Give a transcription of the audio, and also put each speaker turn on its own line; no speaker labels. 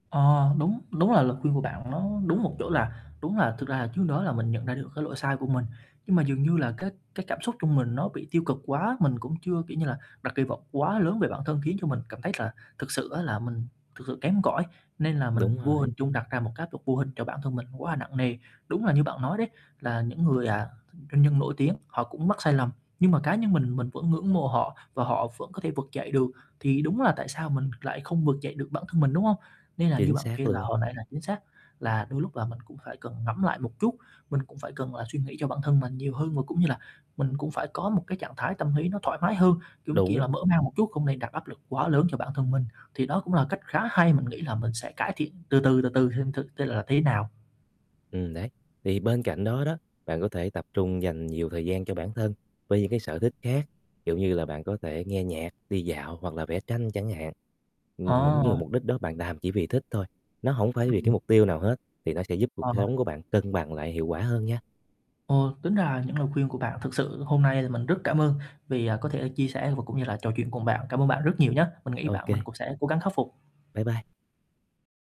Ờ, đúng, đúng là lời khuyên của bạn nó đúng một chỗ là đúng là thực ra là trước đó là mình nhận ra được cái lỗi sai của mình, nhưng mà dường như là, cái cái cảm xúc trong mình nó bị tiêu cực quá, mình cũng chưa, kiểu như là, đặt kỳ vọng quá lớn về bản thân, khiến cho mình cảm thấy là thực sự á là mình thực sự kém cỏi, nên là mình
Đúng
vô
rồi.
hình trung đặt ra một cái áp lực vô hình cho bản thân mình quá là nặng nề. Đúng là như bạn nói đấy, là những người, à, doanh nhân nổi tiếng họ cũng mắc sai lầm, nhưng mà cá nhân mình, mình vẫn ngưỡng mộ họ và họ vẫn có thể vực dậy được, thì đúng là tại sao mình lại không vực dậy được bản thân mình, đúng hông? Nên là như
Chính
bạn kể
xác
là
luôn.
hồi nãy là chính xác, là đôi lúc là mình cũng phải cần ngẫm lại một chút, mình cũng phải cần là suy nghĩ cho bản thân mình nhiều hơn, và cũng như là mình cũng phải có một cái trạng thái tâm lý nó thoải mái hơn, cũng, kiểu
Đúng.
là, mở mang một chút, không nên đặt áp lực quá lớn cho bản thân mình, thì đó cũng là cách khá hay. Mình nghĩ là mình sẽ cải thiện từ từ, từ từ xem thử tên là thế nào.
Ừm, đấy, thì bên cạnh đó đó, bạn có thể tập trung dành nhiều thời gian cho bản thân với những, cái, sở thích khác, ví dụ như là bạn có thể nghe nhạc, đi dạo hoặc là vẽ tranh chẳng hạn. Ừm, những như
Ờ.
mục đích đó bạn làm chỉ vì thích thôi, nó hổng phải vì
Ừm.
cái mục tiêu nào hết, thì nó sẽ giúp cuộc
Ờ.
sống của bạn cân bằng lại hiệu quả hơn nha.
Ờ, tính ra là những lời khuyên của bạn thực sự hôm nay là mình rất cảm ơn, vì, à, có thể là chia sẻ và cũng như là trò chuyện cùng bạn, cảm ơn bạn rất nhiều nhá, mình nghĩ bạn mình
OK.
cũng sẽ cố gắng khắc phục.
Bye bye!